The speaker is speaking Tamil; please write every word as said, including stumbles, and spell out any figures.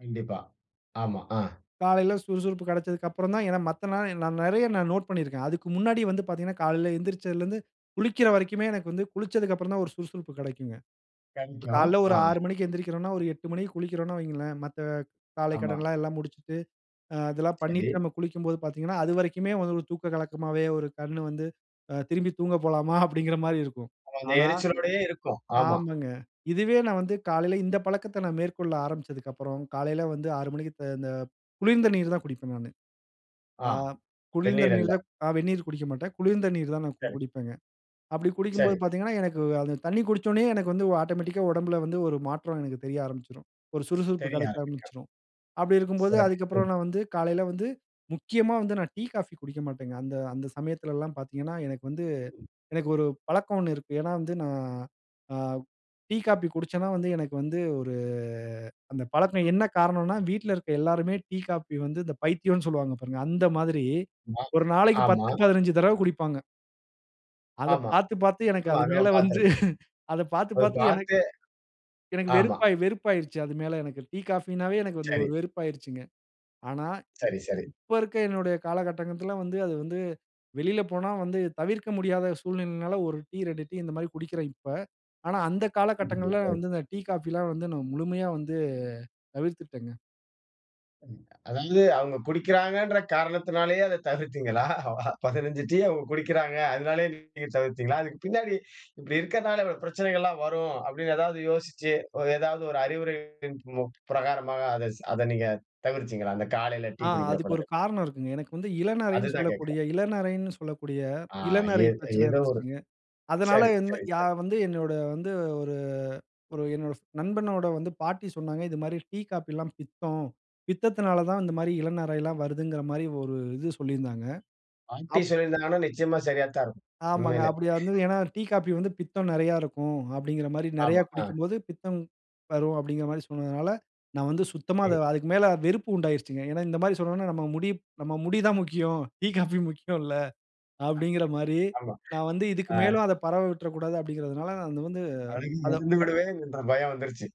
கண்டிப்பா. ஆமா. ஆ. காலையில சுறுசுறுப்பு கெடச்சதுக்கப்புறம் தான் ஏனா மத்த நாள் நான் நெறைய நான் நோட் பண்ணியிருக்கேன். அதுக்கு முன்னாடியே வந்து பாத்தீங்கனா காலையில எந்திருச்சதலிருந்து குளிக்கற வரைக்குமே எனக்கு வந்து குளிச்சத்துக்கப்புறம் தா ஒரு சுறுசுறுப்பு கெடைக்குங்க. கஞ்சம் காலையில ஒரு ஆ. ஆறு மணிக்கு எந்திரிக்கிறோம்னா, ஒரு எட்டு மணிக்கு குளிக்கிறோன்னு வையுங்களே, மத்த ஆமா. காலைக்கடனெல்லா முடிச்சுட்டு, அ அதெல்லாம் சரி. பண்ணிட்டு, நம்ம குளிக்கும்போது பாத்தீங்கனா, அது வரைக்குமே வந்து ஒரு தூக்க கலக்கமாவே ஒரு கண் வந்து அ "திரும்பி தூங்க போலாமா" அப்படீங்குற மாரி இருக்கும். அந்த ஆனா எரிச்சலோடையே இருக்கும். ஆமா. ஆமாங்க. இதுவே நான் வந்து காலையில இந்த பழக்கத்த மேற்கொள்ள ஆரம்பிச்சத்துக்கப்புறம், காலையில வந்து ஆறு மணிக்கு த இந்த குளிர்ந்த நீர் தான் குடிப்பேன் நானு. ஆ. ஆ, குளிர்ந்த வெந்நீர் அல்ல. நீர் தான் அ வெந்நீர் குடிக்க மாட்டேன். குளிர்ந்த நீர் தான் நா சரி. குடிப்பேங்க. அப்படி சரி. குடிக்கும்போது பாத்தீங்கனா எனக்கு தண்ணீ குடிச்சோனயே எனக்கு வந்து ஆட்டோமேட்டிக்கா உடம்பில வந்து ஒரு மாற்றம் எனக்கு தெரிய ஆரம்பிச்சுரும். ஒரு சுறுசுறுப்பு தெரிய கெடைக்க ஆரம்பிக்கும். ஆரம்பிச்சுரும். அப்படி இருக்கும்போது சிறப்பு. அதுக்கப்புறம் ம். நான் வந்து காலையில வந்து முக்கியமா வந்து நான் டீ, காஃபி குடிக்க மாட்டேங்க. அந்த அந்த சமயத்தில எல்லா பாத்தீங்கனா எனக்கு வந்து ம். எனக்கு ஒரு பழக்கம் ஒண்ணு இருக்கு. ஏனா வந்து நா அ டீ, காஃபி குடிச்சேனா வந்து எனக்கு வந்து ஒரு அந்த பழக்கம் என்ன காரணம்னா வீட்ல இருக்கிற எல்லோருமே டீ, காஃபி வந்து இந்த பைத்தியம்னு சொல்லுவாங்க பாருங்க, அந்த மாதிரி மா, ஒரு நாளைக்கு ஆமா. பத்து, பதினஞ்சு தடவ குடிப்பாங்க. அத ஆமா. பாத்து பாத்து எனக்கு ஆமா அது நம்ம மேலே வந்து பாத்திருக்கோம். அத பாத்து ஓ! அத பாத்து எனக்கு. பாத்து எனக்கு ஆமா. வெறுப்பாயி வெறுப்பாயிருச்சு. அது மேல எனக்கு டீ, காஃபினாவே எனக்கு வந்து சரி. ஒரு வெறுப்பாகிருச்சுங்க. ஆனா இப் சரி, சரி. இப்ப இருக்கிற என்னுடைய காலகட்டங்கத்தில வந்து அது வந்து வெளியில போனா வந்து தவிர்க்க முடியாத சூழ்நிலையினால ஒரு டீ இரண்டு டீ இந்த மாதிரி குடிக்கறேன் இப்ப. ஆனா அந்த காலகட்டங்கள்ள [unintelligible] வந்து இந்த டீ, காஃபிலா வந்து நான் முழுமையா வந்து தவிர்த்துட்டேங்க. ம் அதாவது, இல்ல அவங்க குடிக்கிறாங்கன்ற காரணத்தினாலேயே அத தவிர்த்தீங்களா? பதினஞ்சு டீ அவங்க குடிக்கிறாங்க. அதனாலேயே டீய நீங்க தவிர்த்தீங்களா? அதுக்கு பின்னாடி இப்படி இருக்கிறனால பிரச்சனைகலெல்லாம் வரும் அப்படினு ஏதாவது யோசிச்சு, ஏதாவது ஒரு அறிவுரையின் [unintelligible] பிரகாரமா அத அத நீங்க தவிர்த்தீங்களா? அந்த காலையில டீ ஆ, குடிக்கிற அதுக்கு ஒரு பழக்கத்தை? காரணம் இருக்குங்க. எனக்கு வந்து இளநரைன்னு அதுதான் கேட்கிறேன். சொல்லக்கூடிய இளநரைன்னு சொல்லக்கூடிய ஆ. இளநரை ஏத் பிரச்சன ஏதோ ஒரு இருந்துச்சுங்க. அதனால சரி, என்ன சரி, யா சரி. வந்து என்னோட வந்து ஒரு ஒரு என்னோட நண்பனோட வந்து பாட்டி சொன்னாங்க, "இது மாதிரி டீ, காஃபில பித்தம். பித்தத்தினால தான் இந்த மாரி இளநரைலாம் வருதுங்கிற" மாரி ஒரு இது சொல்லியிருந்தாங்க. பாட்டி அப் சொல்லியிருந்தனால நிச்சயமா சரியாத்தா இருக்கும். ஆமாங்க. உண்மையிலே. அப்படி வந்து ஏனா டீ, காஃபி வந்து பித்தம் நெறைய இருக்கும். அப்படீங்குற மாரி நெறைய ஆமா. ஆ. குடிக்கும்போது பித்தம் வரும் அப்படீங்குற மாரி சொன்னதுனால நான் வந்து சுத்தமா சரி. அதுக்கு மேலே வெறுப்பு உண்டாகிருச்சுங்க. ஏனா இந்த மாரி சொன்னோம்னா நம்ம முடி நம்ம முடி தா முக்கியம். டீ, காஃபி முக்கியமில்ல அப்படீங்குற [unintelligible] மாரி ஆமா.ஆ. நான் வந்து இதுக்கு மேலும் அத பரவ விட்ற கூடாது அப்டீங்கிறனால வந்து அழுகி எழுந்து அத விடுவேன்ற பயம் வந்துருச்சு.